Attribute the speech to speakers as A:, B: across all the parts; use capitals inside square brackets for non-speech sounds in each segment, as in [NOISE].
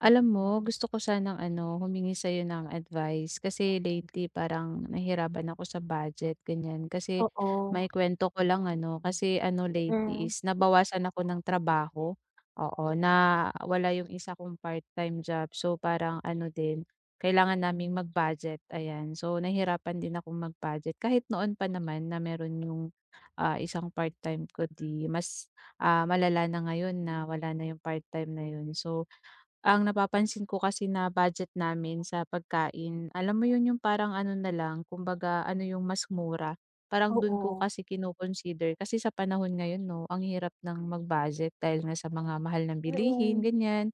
A: Alam mo gusto ko sanang, ano, humingi sa 'yo ng advice. Kasi lately parang nahirapan ako sa budget, ganiyan. Kasi
B: Oo.
A: maikuwento ko lang, ano, kasi, ano, lately
B: Mm.
A: is nabawasan ako ng trabaho. Oo, nawala 'yong isa kong part-time job. So parang ano din, kailangan naming mag-budget, ayan. So nahirapan din akong mag-budget. Kahit noon pa naman na mayro'n 'yong, ah, isang part time ko, 'di mas, ah, malala na ngayon na wala na 'yong part time na 'yon. So ang napapansin ko kasi na budget namin sa pagkain, alam mo 'yon, 'yong parang ano na lang kumbaga ano 'yong mas mura. Parang do'n ko
B: Oo.
A: kasi kino-consider. Kasi sa panahon ngayon, 'no, ang hirap nang mag-budget dahil nga sa mga mahal na bilihin,
B: Mm.
A: ganiyan.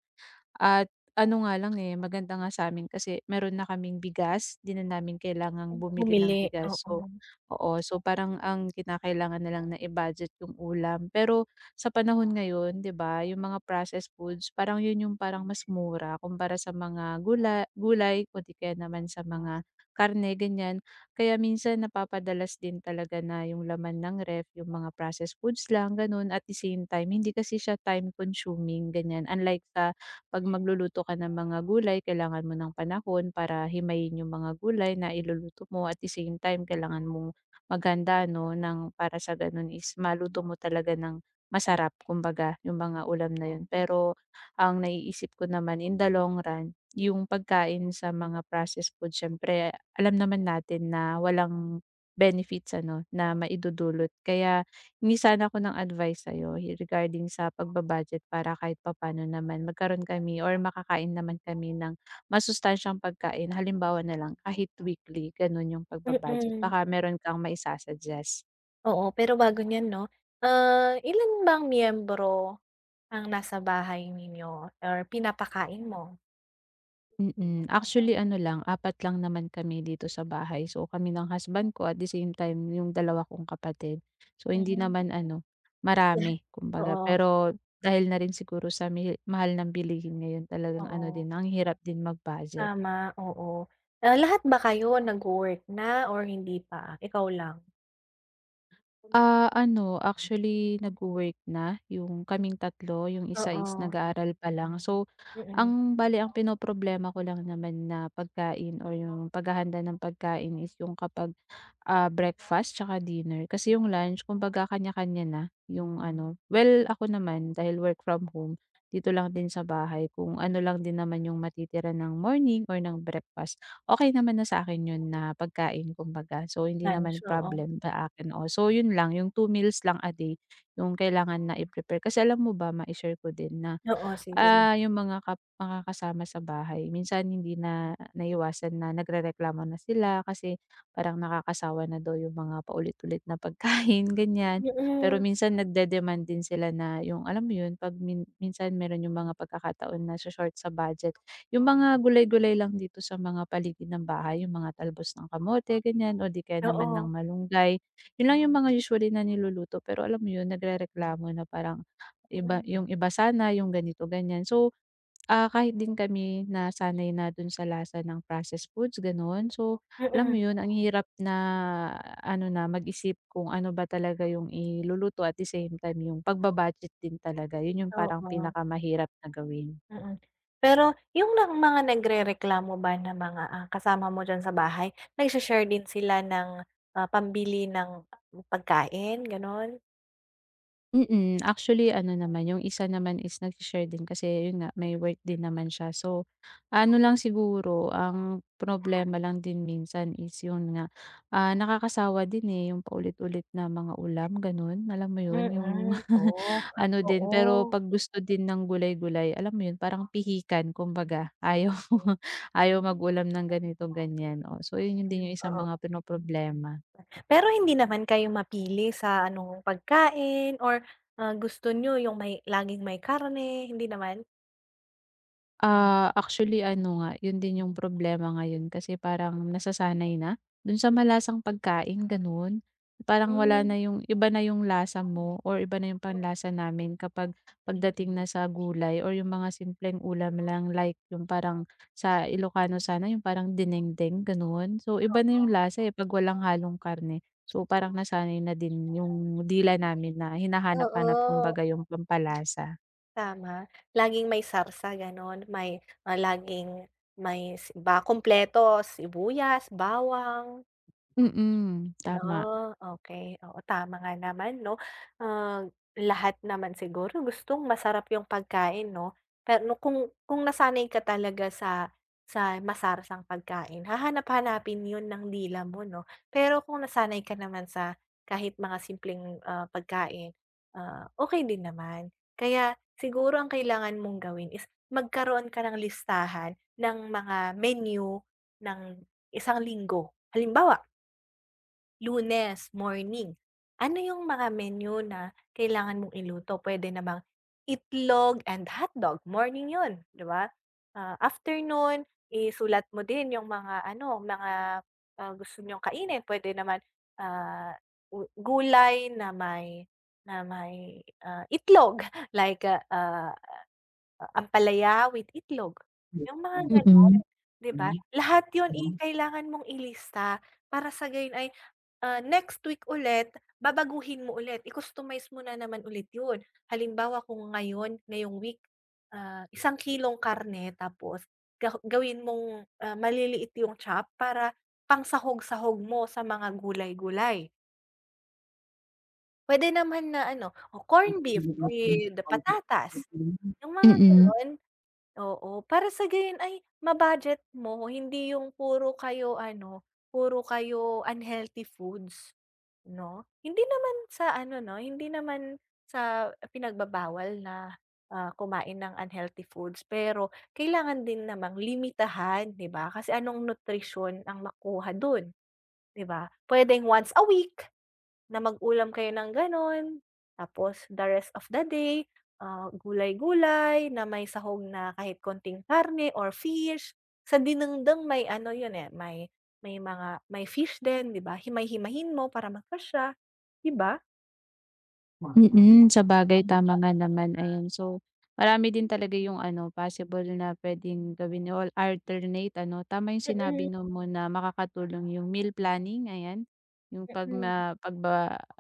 A: At ano nga lang, eh, maganda nga sa 'min kasi mayro'n na kaming bigas. 'Di na namin kailangang bumili
B: Bumili,
A: ng bigas. So
B: oo.
A: oo, so parang ang kinakailangan na lang na i-budget 'yong ulam. Pero sa panahon ngayon, 'di ba 'yong mga processed foods parang 'yon 'yong parang mas mura kumpara sa mga gula gulay o 'di kaya naman sa mga karne, ganiyan. Kaya minsan napapadalas din talaga na 'yong laman ng ref 'yong mga processed foods lang, gano'n. At the same time hindi kasi siya time-consuming, ganiyan. Unlike sa 'pag magluluto ka ng mga gulay kailangan mo ng panahon para himayin 'yong mga gulay na iluluto mo. At the same time kailangan mong maghanda, 'no, nang para sa gano'n is maluto mo talaga ng masarap kumbaga, 'yong mga ulam na 'yon. Pero ang naiisip ko naman in the long run 'yong pagkain sa mga processed food siyempre alam naman natin na walang benefits, ano, na maidudulot. Kaya hingi sana ako ng advice sa'yo regarding sa pagba-budget para kahit papano naman magkaroon kami or makakain naman kami ng masustansyang pagkain. Halimbawa na lang kahit weekly, gano'n, 'yong pagba-budget
B: Mm.
A: baka mayro'n kang mai-sa-suggest.
B: Oo, pero bago niyan, 'no, ah, ilan bang miyembro ang nasa bahay ninyo or pinapakain mo?
A: Mm. Actually ano lang, 4 lang naman kami dito sa bahay. So kami ng husband ko at the same time 'yung 2 kong kapatid, so hindi
B: Hmm.
A: naman ano,
B: [SCOFFS]
A: marami kumbaga,
B: Oo.
A: pero dahil na rin siguro sa mihi mahal ng bilihin ngayon, talagang ano
B: Oo.
A: din ang hirap din mag-budget.
B: Tama, oo. Ah, lahat ba kayo nagwo-work na or hindi pa, ikaw lang?
A: Ah, ano actually nagwo-work na 'yung kaming tatlo 'yong isa is
B: Oo.
A: nag-aaral pa lang. So
B: Mm.
A: ang bale ang pinoproblema ko lang naman na pagkain o 'yung paghahanda ng pagkain is 'yung kapag, ah, breakfast tsaka dinner, kasi 'yong lunch kumbaga kanya-kanya na 'yong ano well, ako naman, dahil work from home, dito lang din sa bahay, kung ano lang din naman 'yung matitira ng morning or ng breakfast, okey naman na sa akin 'yon na pagkain kumbaga. So hindi
B: Lunch,
A: naman
B: oo.
A: problem sa akin, oo, so 'yun lang 'yung 2 meals lang a day 'yung kailangan na i-prepare. Kasi alam mo ba, mai-share ko din na,
B: Oo, sige, l
A: ah, 'yung mga kap makakasama sa bahay minsan hindi na naiiwasan na nagrereklamo na sila, kasi parang nakakasawa na daw 'yung mga paulit-ulit na pagkain ganiyan, pero
B: Mm.
A: minsan nag-de-demand din sila na, 'yung alam mo 'yun, 'pag min minsan meron 'yung mga pagkakataon nasho-short sa budget, 'yung mga gulay gulay lang dito sa mga paligid ng bahay, 'yung mga talbos ng kamote ganiyan o di kaya naman ng
B: Oo.
A: malunggay, 'yun lang 'yung mga usually na niluluto. Pero alam mo 'yun, nagrereklamo na parang, iba
B: Mm.
A: 'yung iba sana, 'yung ganito, ganiyan. So, ah, kahit din kami nasanay na do'n sa lasa ng processed foods gano'n, so alam mo
B: Mm.
A: 'yun, ang hirap na ano na mag-isip kung ano ba talaga 'yung iluluto at the same time 'yung pagbaba-budget din talaga, 'yun 'yung parang
B: Oo.
A: pinakamahirap na gawin.
B: Mm, pero 'yung bang mga nagrereklamo ba na mga kasama mo diyan sa bahay nagshe-share din sila ng, ah, pambili ng pagkain gano'n?
A: Mm. [SMACKS LIPS] Actually, ano naman, yung isa naman is nagsi-share din kasi yun nga, may work din naman siya. So, ano lang siguro, ang problema lang din minsan is yun nga, ah, nakakasawa din, eh, yung paulit-ulit na mga ulam, ganun. Alam mo 'yon, yung
B: Mm. Oh,
A: [LAUGHS] ano din, pero
B: oo.
A: 'pag gusto din ng gulay-gulay alam mo yun, parang pihikan, kumbaga. Ayaw
B: Mm.
A: [LAUGHS] ayaw mag-ulam ng ganito, ganyan. Oh, so yun yung din yung isang
B: Hmm. Oo.
A: mga pinoproblema.
B: Hmm. Pero hindi naman kayo mapili sa anong pagkain or, ah, gusto niyo yung may laging may karne, hindi naman?
A: Ah, actually ano nga, yun din yung problema ngayon kasi parang nasasanay na dun sa malasang pagkain, gano'n. Parang wala na
B: Hmm.
A: yung iba na yung lasa mo or iba na yung
B: Oh.
A: panlasa namin kapag pagdating na sa gulay or yung mga simpleng ulam lang like yung parang sa Ilocano sana, yung parang dinengdeng, gano'n. So, iba na yung
B: Oo.
A: lasa, eh, 'pag walang halong karne. So, parang nasanay na din yung dila namin na hinahanap-hanap
B: Oo.
A: kumbaga yung pampalasa.
B: Tama. Laging may sarsa, gano'n. May, ah, laging may s ba kumpleto. Sibuyas, bawang.
A: Mm, tama.
B: Oh, okey, oo. Tama nga naman 'no. Ah, lahat naman siguro gustong masarap yung pagkain 'no. Pero kung kung nasanay ka talaga sa sa masarsang pagkain, hahanap-hanapin yun ng dila mo 'no? Pero kung nasanay ka naman sa kahit mga simpleng, ah, pagkain, ah, okey din naman. Kaya siguro ang kailangan mong gawin is magkaroon ka ng listahan ng mga menu ng isang linggo. Halimbawa Lunes, morning. Ano 'yong mga menu na kailangan mong iluto? Puwede namang itlog and hotdog, morning 'yon, 'di ba? Ah, after non isulat mo din 'yong mga, ano, mga, ah, gusto niyong kainin. Puwede naman, ah, u gulay na may na may, ah, itlog, like, ah, ah, ampalaya with itlog, 'yong mga gano'n,
A: Mm.
B: 'di ba? Lahat 'yon, eh, kailangan mong ilista. Para sa gayon ay, ah, next week ulit babaguhin mo ulit, i-customize mo na naman ulit 'yon. Halimbawa kung ngayon ngayong week, ah, 1 kilong karne tapos ga gawin mong, ah, maliliit 'yong chop para pangsahog-sahog mo sa mga gulay-gulay. Puwede naman na, ano, o corned beef with patatas, 'yong mga
A: Mm.
B: gano'n. Oo, para sa gayon ay ma-budget mo. Hindi 'yong puro kayo, ano, puro kayo unhealthy foods, 'no? Hindi naman sa ano, 'no, hindi naman sa pinagbabawal na, ah, kumain ng unhealthy foods. Pero kailangan din namang limitahan, 'di ba? Kasi anong nutrisyon ang makuha do'n, 'di ba? Puwedeng once a week na mag-ulam kayo ng gano'n. Tapos the rest of the day, ah, gulay-gulay na may sahog na kahit kaunting karne or fish. Sa dinengdeng may ano 'yon, eh, may may mga may fish din, 'di ba. Himay-himayin mo para magkasya, 'di ba?
A: Mm. Sabagay, tama nga naman, ayan. So, marami din talaga yung ano, possible na puwedeng gawin 'no or alternate ano. Tama yung sinabi
B: Mm.
A: 'no mo na makakatulong yung meal planning, ayan. Yung 'pag
B: Mm.
A: ma 'pag ba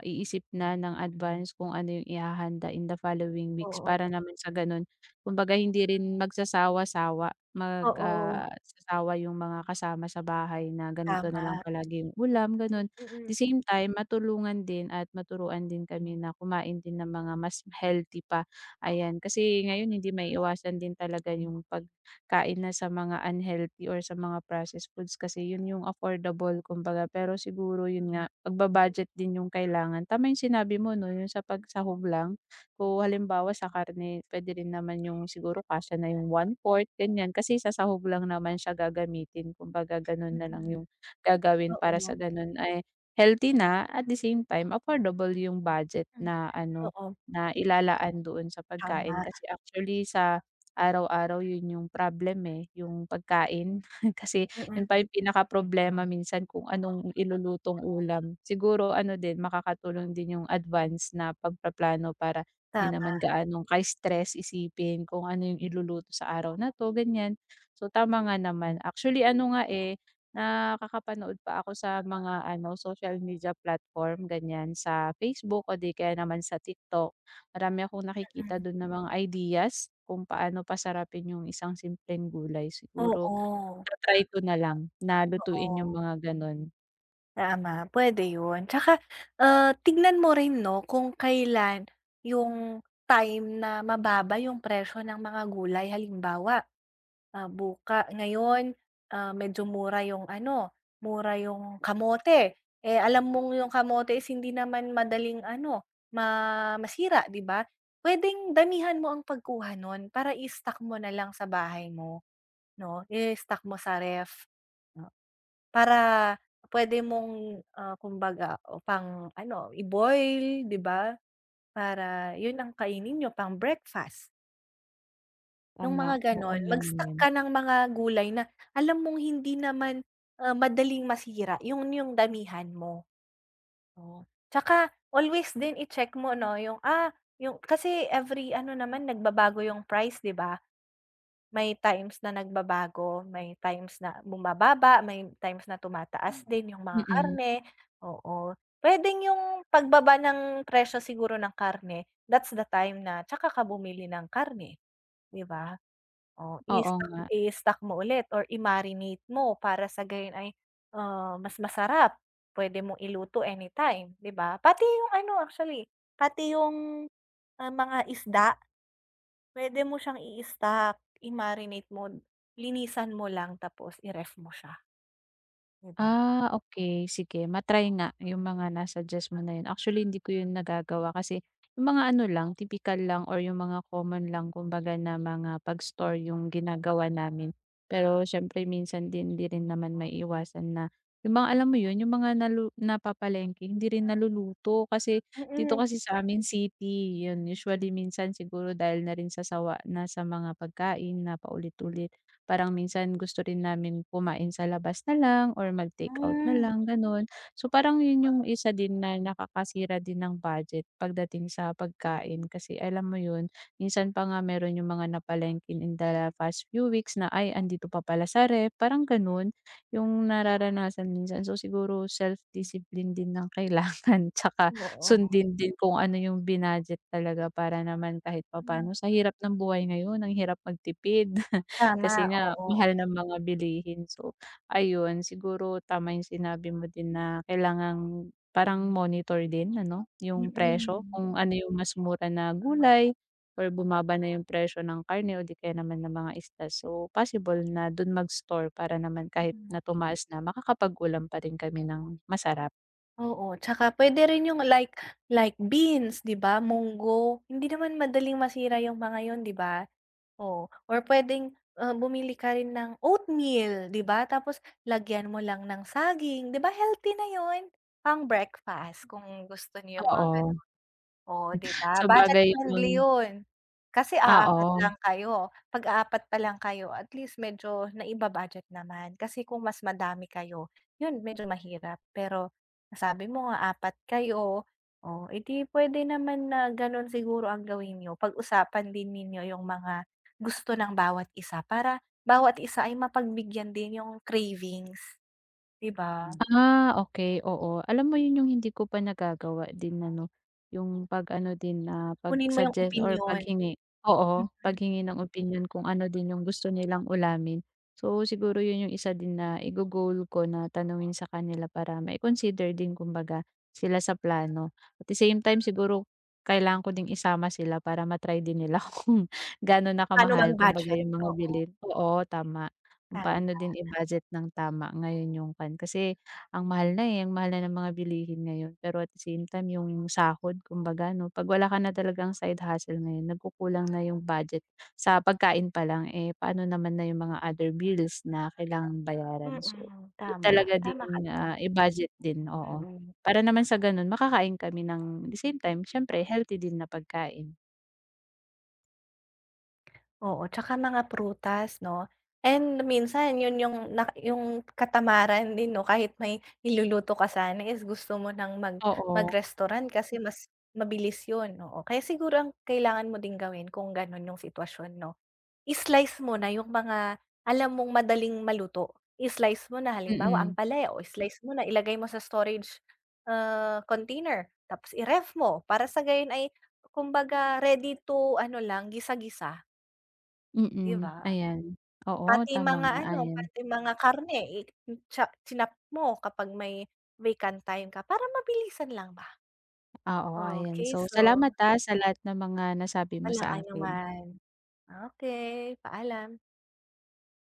A: iisip na ng advance kung ano yung ihahanda in the following weeks
B: Oo.
A: para naman sa ganun kumbaga, hindi rin magsasawa-sawa, mag,
B: Oo.
A: ah, sasawa yung mga kasama sa bahay na ganito na lang
B: Tama.
A: palagi 'yong ulam, gano'n.
B: Mm.
A: The same time matulungan din at maturuan din kami na kumain din ng mga mas healthy pa, ayan. Kasi ngayon hindi maiiwasan din talaga yung pagkain na sa mga unhealthy or sa mga processed foods kasi yun yung affordable, kumbaga. Pero siguro yun nga, pagba-budget din yung kailangan. Tama yung sinabi mo 'no, yung sa pagsahog lang. Kung halimbawa sa karne, puwede rin naman yung siguro kasya na yung 1/4, ganyan. Kasi sa sahog lang naman siya gagamitin. Kumbaga, ganun na lang
B: Mm.
A: yung gagawin para sa
B: Oo.
A: gano'n ay healthy na at the same time affordable yung budget
B: Hmm,
A: na ano,
B: oo.
A: na ilalaan doon sa pagkain.
B: Tama.
A: Kasi actually sa araw-araw yun yung problem, eh, yung pagkain. [SCOFFS] Kasi
B: Mm.
A: yun pa yung pinakaproblema minsan kung anong ilulutong ulam. Siguro ano din, makakatulong din yung advance na pagpaplano para di naman
B: Tama.
A: gaanong kai-stress isipin kung ano yung iluluto sa araw na 'to, ganyan. So, tama nga naman. Actually
B: Hmm.
A: ano nga, eh, nakakapanood pa ako sa mga ano, social media platform, ganyan, sa Facebook o di kaya naman sa TikTok. Marami akong nakikita
B: Mm.
A: dun na mga ideas kung paano pasarapin yung isang simpleng gulay. Siguro
B: Oo.
A: ta-try ko na lang na lutuin
B: Oo.
A: yung mga ganun.
B: Tama, puwede 'yun, tsaka, ah, tingnan mo rin 'no kung kailan 'yung time na mababa 'yung presyo ng mga gulay halimbawa, ah, buka ngayon, ah, medyo mura 'yung ano mura 'yung kamote, eh, alam mong 'yung kamote is hindi naman madaling ano ma masira di ba, puwedeng damihan mo ang pagkuha nun para i-stock mo nalang sa bahay mo 'no, i-stock mo sa ref. Para puwede mong, ah, kumbaga o pang ano i-boil di ba, para 'yun ang kainin niyo pang-breakfast. 'Yung
A: Tama,
B: mga
A: oo
B: gano'n,
A: nga
B: mag-stock
A: naman.
B: ka ng mga gulay na alam mong hindi naman, ah, madaling masira 'yun 'yung damihan mo. Oh, tsaka always din i-check mo 'no 'yung, ah 'yung kasi every ano naman nagbabago 'yung price, di ba? May times na nagbabago, may times na bumababa, may times na
A: Hmm,
B: tumataas din 'yung mga
A: mm.
B: karne, oo, puwedeng 'yung pagbaba ng presyo siguro ng karne, that's the time na tsaka ka bumili ng karne, di ba? Oh,
A: Oo
B: i-stock
A: nga.
B: i-stock mo ulit or i-marinate mo para sa gayon ay, ah, mas masarap, puwede mong iluto anytime, di ba? Pati 'yung ano actually pati 'yung, ah, mga isda. Puwede mo siyang i-stock, i-marinate mo, linisan mo lang, tapos i-ref mo siya. 'Di ba?
A: Ah, okey, sige ma-try nga 'yung mga na-suggest mo na 'yun, actually hindi ko 'yun nagagawa kasi 'yung mga ano lang tipikal lang or 'yung mga common lang, kumbaga na mga pag-store 'yung ginagawa namin. Pero siyempre minsan din hindi rin naman maiiwasan na 'yung mga, alam mo 'yun? 'Yung mga nalu napapalengke hindi rin naluluto, kasi dito
B: Mm.
A: kasi sa amin city, 'yun usually minsan siguro dahil na rin sa sawa na sa mga pagkain na paulit-ulit parang minsan gusto rin namin kumain sa labas nalang or mag-takeout na
B: Hmm.
A: lang gano'n, so parang 'yun 'yung isa din na nakakasira din ng budget pagdating sa pagkain. Kasi alam mo 'yun, minsan pa nga, meron 'yung mga napalengkeng in the past few weeks na, ay andito pa pala sa ref, parang gano'n 'yung nararanasan minsan. So siguro self discipline din ang kailangan tsaka
B: Oo.
A: sundin din kung ano 'yung binadget talaga para naman kahit
B: Hmm.
A: papaano. Sa hirap ng buhay ngayon ang hirap magtipid [CHUCKLES] kasi
B: Tama,
A: nga
B: oo.
A: mahal ng mga bilihin. So ayun, siguro, tama 'yung sinabi mo din na kailangang parang monitor din ano, 'yung presyo
B: Mm.
A: kung ano 'yung mas mura na gulay or bumaba na 'yung presyo ng karne o di kaya naman ng mga isda. So possible na do'n mag-store para naman kahit na
B: Mm.
A: tumaas na, makakapag-ulam pa rin kami ng masarap.
B: Oo, tsaka pwede rin yung like like beans, 'di ba, munggo. Hindi naman madaling masira yung mga yun, 'di ba? Oh. Or puwedeng, ah, bumili ka rin ng oatmeal, 'di ba, tapos lagyan mo lang ng saging, 'di ba healthy na yun? Pang-breakfast kung gusto niyo yung mga
A: Oo.
B: gano'n. Oh, 'di ba? Budget
A: sabagay
B: friendly
A: yung
B: yun. Kasi aapat
A: Oo.
B: lang kayo. 'Pag 4 pa lang kayo at least medyo naiba-budget naman. Kasi kung mas madami kayo, yun medyo mahirap. Pero nasabi mo nga 4 kayo, oh, eh, 'di puwede naman na gano'n siguro ang gawin niyo. Pag-usapan din ninyo yung mga gusto ng bawat isa, para bawat isa ay mapagbigyan din yung cravings, 'di ba?
A: Ah, okey, oo. Alam mo yun yung hindi ko pa nagagawa din ano, yung pag ano din na
B: Kunin mo yung
A: pag-suggest or
B: opinyon.
A: paghingi oo,
B: Mm.
A: paghingi ng opinyon kung ano din yung gusto nilang ulamin. So, siguro yun yung isa din na igo-goal ko na tanungin sa kanila para mai-consider din kumbaga sila sa plano. At the same time siguro kailangan ko ding isama sila para ma-try din nila kung ga'no na
B: Pa'no mag
A: kamahal kumbaga,
B: budget.
A: yung mga
B: Oo.
A: bilihin oo, tama kung
B: Tama.
A: paano din i-budget ng tama ngayon yung kuwan. Kasi ang mahal na, eh, ang mahal na ng mga bilihin ngayon, pero at the same time yung sahod kumbaga 'no. 'Pag wala ka na talagang side hustle ngayon nagkukulang na yung budget sa pagkain palang, eh, pa'no naman na yung mga other bills na kailangang bayaran. So,
B: Mm,
A: need
B: tama.
A: talaga
B: Tama ka
A: ding,
B: do'n.
A: ah, i-budget din, oo.
B: Mm.
A: Para naman sa ganun makakain kami ng the same time, siyempre, healthy din na pagkain.
B: Oo, tsaka mga prutas 'no? And minsan yun yung na yung katamaran din 'no. Kahit may iluluto ka sana is gusto mo ng mag
A: Oo.
B: mag-restaurant kasi mas mabilis yun, oo. Kaya siguro ang kailangan mo din gawin kung ganun yung sitwasyon 'no, i-slice mo na yung mga alam mong madaling maluto. I-slice mo na halimbawa,
A: Mm.
B: ampalaya. Oh, i-slice mo na, ilagay mo sa storage, ah, container tapos i-ref mo para sa gayon ay kumbaga ready to ano lang, gisa-gisa. 'Di
A: Mm,
B: ba?
A: ayan. Oo,
B: Pati
A: tama
B: mga
A: nga,
B: ano,
A: ayan.
B: pati mga karne, icha chinop mo kapag may vacant time ka, para mabilisan lang ba.
A: Oo, ayan.
B: Okey,
A: So
B: so
A: salamat, ah, sa lahat ng mga nasabi mo sa
B: Walang
A: akin.
B: anuman. Okey, paalam.